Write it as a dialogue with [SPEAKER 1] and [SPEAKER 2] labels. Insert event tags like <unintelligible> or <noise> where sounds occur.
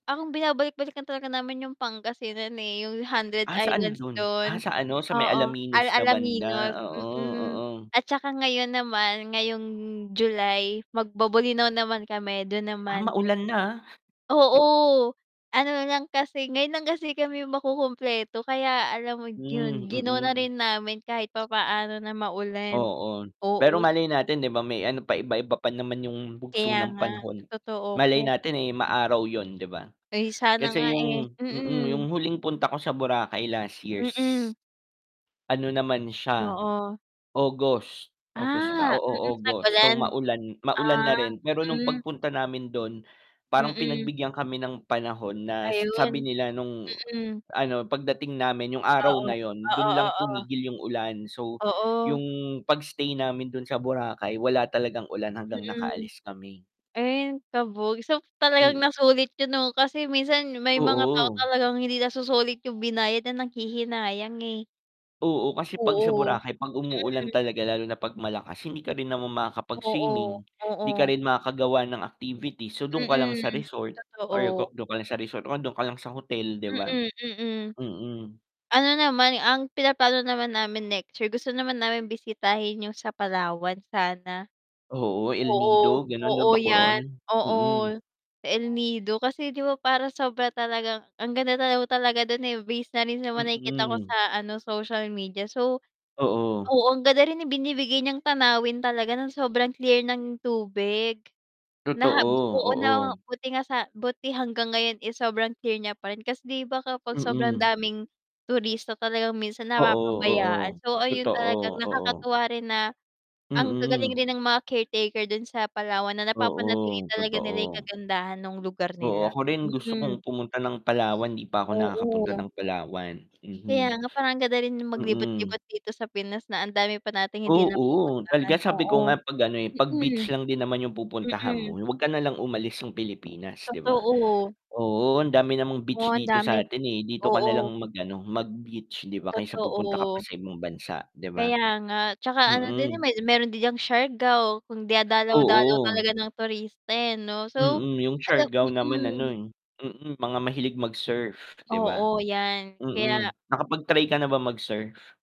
[SPEAKER 1] Ang binabalik-balikan talaga namin 'yung Pangasinan, eh, 'yung Hundred
[SPEAKER 2] Ah, saan
[SPEAKER 1] Islands
[SPEAKER 2] dun?
[SPEAKER 1] do'n.
[SPEAKER 2] Ah, sa ano, sa may
[SPEAKER 1] Oo, Al
[SPEAKER 2] Alaminos na
[SPEAKER 1] Alaminos.
[SPEAKER 2] banda, oo,
[SPEAKER 1] Mm.
[SPEAKER 2] oo.
[SPEAKER 1] At saka, ngayon naman, ngayong July, magbo-Bolinao naman kami, do'n
[SPEAKER 2] Ah,
[SPEAKER 1] naman next.
[SPEAKER 2] maulan na, ah.
[SPEAKER 1] Oo, ano lang kasi, ngayon lang kasi kami makukumpleto kaya alam mo
[SPEAKER 2] Hmm,
[SPEAKER 1] 'yun, gi-no na
[SPEAKER 2] mm.
[SPEAKER 1] rin namin kahit papaano na maulan.
[SPEAKER 2] Oo, pero
[SPEAKER 1] Oo.
[SPEAKER 2] malay natin 'di ba may ano pa iba-iba pa naman 'yung bugso
[SPEAKER 1] Kaya
[SPEAKER 2] ng
[SPEAKER 1] nga,
[SPEAKER 2] panahon,
[SPEAKER 1] totoo
[SPEAKER 2] malay
[SPEAKER 1] <unintelligible>
[SPEAKER 2] natin, eh, maaraw 'yun 'di ba?
[SPEAKER 1] Ay, sana nga
[SPEAKER 2] Kasi
[SPEAKER 1] eh.
[SPEAKER 2] 'yung mm,
[SPEAKER 1] Mm.
[SPEAKER 2] 'yung huling punta ko sa Boracay last years.
[SPEAKER 1] Mm.
[SPEAKER 2] Ano naman siya,
[SPEAKER 1] Oo.
[SPEAKER 2] August, August ba?
[SPEAKER 1] Ah, mm,
[SPEAKER 2] Oo August, so
[SPEAKER 1] tag-ulan.
[SPEAKER 2] maulan maulan
[SPEAKER 1] Ah,
[SPEAKER 2] na rin pero nung
[SPEAKER 1] mm.
[SPEAKER 2] pagpunta namin dun, parang
[SPEAKER 1] Mm.
[SPEAKER 2] pinagbigyan kami ng panahon na sabi
[SPEAKER 1] Ayun.
[SPEAKER 2] nila nung
[SPEAKER 1] Mm.
[SPEAKER 2] ano, pagdating namin 'yung araw
[SPEAKER 1] Oo.
[SPEAKER 2] na 'yun,
[SPEAKER 1] Oo,
[SPEAKER 2] dun lang
[SPEAKER 1] oo.
[SPEAKER 2] tumigil 'yung ulan. So, 'yung
[SPEAKER 1] Oo.
[SPEAKER 2] pag-stay namin dun sa Boracay wala talagang ulan hanggang
[SPEAKER 1] Mm.
[SPEAKER 2] nakaalis kami.
[SPEAKER 1] Ay ang kabog, so talagang
[SPEAKER 2] Mm.
[SPEAKER 1] nasulit yun 'no, kasi minsan may mga tao
[SPEAKER 2] Oo.
[SPEAKER 1] talagang hindi nasusulit 'yung binayad na nanghihinayang, eh.
[SPEAKER 2] Oo, kasi 'pag sa
[SPEAKER 1] Oo,
[SPEAKER 2] Boracay 'pag umuulan
[SPEAKER 1] mm.
[SPEAKER 2] talaga lalo na 'pag malakas, hindi ka rin naman
[SPEAKER 1] Oo,
[SPEAKER 2] makakapag-swimming, 'di ka
[SPEAKER 1] oo.
[SPEAKER 2] rin makakagawa ng activities, so dun ka lang
[SPEAKER 1] Mm,
[SPEAKER 2] sa resort Or
[SPEAKER 1] totoo.
[SPEAKER 2] kung dun ka lang sa resort, o andun ka lang sa hotel 'di ba?
[SPEAKER 1] Mm, mm.
[SPEAKER 2] Mm.
[SPEAKER 1] Ano naman, ang pinaplano naman namin next year, gusto naman naming bisitahin 'yung sa Palawan sana.
[SPEAKER 2] Oo, El
[SPEAKER 1] Oo,
[SPEAKER 2] Nido gano'n 'no,
[SPEAKER 1] oo
[SPEAKER 2] ba
[SPEAKER 1] 'yan,
[SPEAKER 2] Coron,
[SPEAKER 1] oo,
[SPEAKER 2] mm.
[SPEAKER 1] sa El Nido, kasi 'di ba parang sobra talagang ang ganda daw talaga dun, eh, base na rin naman sa mga nakikita ko
[SPEAKER 2] Mm.
[SPEAKER 1] sa ano, social media, so
[SPEAKER 2] Oo.
[SPEAKER 1] oo ang ganda rin ibinibigay niyang tanawin talaga, nang sobrang clear ng tubig na
[SPEAKER 2] Totoo,
[SPEAKER 1] oo na
[SPEAKER 2] oo.
[SPEAKER 1] buti nga sa buti hanggang ngayon, eh, sobrang clear niya pa rin kasi 'di ba kapag sobrang
[SPEAKER 2] Mm.
[SPEAKER 1] daming turista talagang minsan
[SPEAKER 2] Oo,
[SPEAKER 1] napapabayaan.
[SPEAKER 2] oo.
[SPEAKER 1] So, ayun talagang
[SPEAKER 2] Totoo, oo.
[SPEAKER 1] nakakatuwa rin na ang gagaling
[SPEAKER 2] Mm.
[SPEAKER 1] rin ng mga caretaker dun sa Palawan, na napapanatili
[SPEAKER 2] Oo,
[SPEAKER 1] talaga nila 'yung
[SPEAKER 2] totoo.
[SPEAKER 1] kagandahan nung lugar
[SPEAKER 2] Oo,
[SPEAKER 1] nila.
[SPEAKER 2] ako rin gusto
[SPEAKER 1] Mm.
[SPEAKER 2] kong pumunta ng Palawan, 'di pa ako nakakapunta
[SPEAKER 1] Oo.
[SPEAKER 2] ng Palawan. Mhm.
[SPEAKER 1] Kaya nga, parang ang ganda rin
[SPEAKER 2] Mm.
[SPEAKER 1] maglibot-libot dito sa Pinas, na ang dami pa nating hindi
[SPEAKER 2] Oo, talaga
[SPEAKER 1] napupuntahan,
[SPEAKER 2] sabi ko
[SPEAKER 1] oo.
[SPEAKER 2] nga, 'pag ano eh, 'pag beach
[SPEAKER 1] Mm.
[SPEAKER 2] lang din naman 'yung pupuntahan mo
[SPEAKER 1] Mm.
[SPEAKER 2] huwag ka na lang umalis ng Pilipinas 'di ba?
[SPEAKER 1] Totoo.
[SPEAKER 2] Oo ang dami namang
[SPEAKER 1] Oo
[SPEAKER 2] beach
[SPEAKER 1] ang
[SPEAKER 2] dito
[SPEAKER 1] dami't
[SPEAKER 2] sa'tin, eh, dito ka
[SPEAKER 1] oo.
[SPEAKER 2] na lang mag-ano, mag-beach 'di ba kaysa pupunta ka pa
[SPEAKER 1] Totoo.
[SPEAKER 2] sa ibang bansa 'di ba?
[SPEAKER 1] Kaya nga 'tsaka ano din, eh,
[SPEAKER 2] Mm.
[SPEAKER 1] may meron din diyang Siargao kung dinadalaw-dalaw
[SPEAKER 2] Oo.
[SPEAKER 1] talaga ng turista eh 'no. So,
[SPEAKER 2] Mm. 'Yung
[SPEAKER 1] alam
[SPEAKER 2] Siagao naman ano,
[SPEAKER 1] mm.
[SPEAKER 2] eh, mm, mga mahilig mag-surf 'di ba?
[SPEAKER 1] Oo, 'yan.
[SPEAKER 2] Mm,
[SPEAKER 1] Kaya.
[SPEAKER 2] nakapag-try ka na ba mag-surf?